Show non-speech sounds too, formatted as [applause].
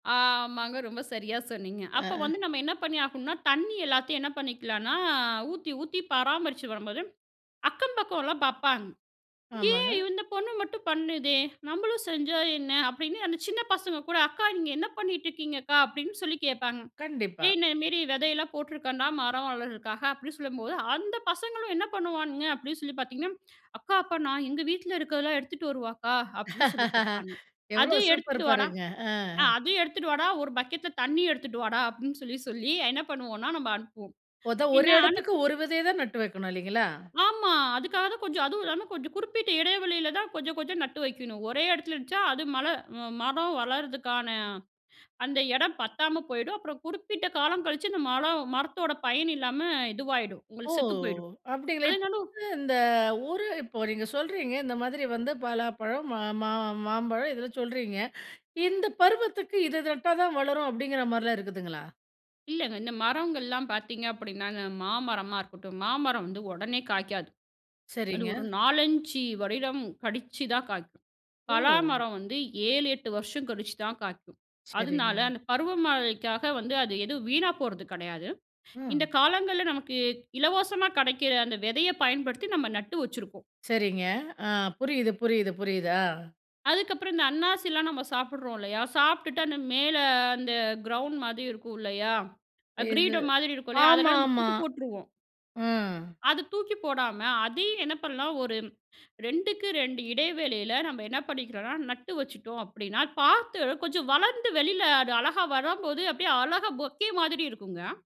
ஆமாங்க. ரொம்ப சரியா சொன்னீங்க. அ, அப்போ அ. வந்து நம்ம என்ன பண்ணி ஆகணும்னா, தண்ணி எல்லாத்தையும் என்ன பண்ணிக்கலானா, ஊத்தி ஊத்தி பராமரிச்சு வரும்போது, அக்கம் பக்கம்லாம் பார்ப்பாங்க. ஏன் ஆமாங்க. இந்த பொண்ணு மட்டும் பண்ணுதே? நம்மளும் செஞ்சா என்ன? அப்டின்னு அந்த சின்ன பசங்க கூட, அக்கா நீங்க என்ன பண்ணிட்டு இருக்கீங்க அக்கா? அப்டின்னு சொல்லி கேட்பாங்க. கண்டிப்பா. ஏய் இந்தமேரி விதையெல்லாம் போட்ருக்கேன்டா மரம் வளர்றதுக்காக அப்டின்னு சொல்லும்போது, அந்த பசங்களும் என்ன பண்ணுவானுங்க அப்டின்னு சொல்லி பார்த்தீங்கன்னா, அக்கா அப்ப நான் எங்க வீட்ல இருக்கிறதெல்லாம் எடுத்துட்டு வரவா அக்கா? அப்டின்னு சொல்லி [laughs] கேட்பாங்க. அத எவ்வளோ சூப்பர் எடுத்துட்டு வாடா, பாருங்க. ஆ அ. அதையும் எடுத்துட்டு வாடா, ஒரு பக்கெட்ல தண்ணியும் எடுத்துட்டு வாடா, அப்டின்னு சொல்லி சொல்லி என்ன பண்ணுவோம்னா நம்ம அனுப்புவோம். ஓத 1 பின்ன எடத்துக்கு அனுப்பி 1 வெதைய தான் நட்டு வைக்கணும் இல்லைங்களா? ஆமா. அதுக்காக தான் கொஞ்சம், அதுவும் இல்லாம கொஞ்சம் குறிப்பிட்ட எடை வெளியில தான், கொஞ்சம் கொஞ்சம் நட்டு வைக்கணும். ஒரே எடத்துல இருந்த்ச்சா அது மழ மரம் வளர்றதுக்கான அந்த எடம் பத்தாம போயிடும். அப்புறம் குறிப்பிட்ட காலம் கழிச்சு, இந்த மழ மரத்தோட பயன் இல்லாம இதுவாயிடும். ஓ! உங்களுக்கு செத்து போயிரும். அப்டிங்களா? இப்ப அதனாலும் வந்து இந்த ஊரு இப்போ நீங்க சொல்றீங்க, இந்த மாதிரி வந்து பலாப்பழம் மா மா மாம்பழம் இதெல்லாம் சொல்றீங்க. இந்த பருவத்துக்கு இது இது நட்டா தான் வளரும், அப்டிங்கிற மாரிலாம் இருக்குதுங்களா? இல்லங்க. இந்த மரங்கள்லாம் பார்த்தீங்க அப்டின்னா, அந்த மாமரமா இருக்கட்டும், மாமரம் வந்து ஒடனே காய்க்காது. அது சரிங்க. ஒரு 4, 5 வருடம் கழிச்சுதான் காய்க்கும். பலா ஓ! மரம் வந்து 7, 8 வருஷம் கழிச்சுதான் காய்க்கும். அதுனால சரிங்க. அந்த பருவமழைக்காக வந்து அது எதுவும் வீணா போறது கெடையாது. இந்த ம். காலங்கள்ல நமக்கு இலவசமா கடைக்கிற அந்த விதைய பயன்படுத்தி நம்ம நட்டு வச்சுருக்கோம். சரிங்க. ஆ புரியுது புரியுது புரியுது. அ. அதுக்கப்புறம் இந்த அண்ணாசில நம்ம சாப்பிட்றோம் இல்லயா, சாப்ட்டுட்டு அந்த மேல அந்த கிரவுண்ட் மாதி இருக்கும் இல்லயா, இது கிரீடம் மாதிரி இருக்கும் இல்லயா, அதெல்லாம் நம்ம ஆமாமா. தூக்கி போட்ருவோம். ம். அத தூக்கி போடாம அதையும், என்ன பண்ணலாம் ஒரு 2க்கு 2 இடைவெளியில நம்ம என்ன பண்ணிக்கிறோம்னா, நட்டு வச்சுட்டோம் அப்டின்னா பார்த்து கொஞ்சம் வளர்ந்து வெளியில அது அழகா வரும்போது அப்டியே அழகா பொக்கே மாதிரி இருக்குங்க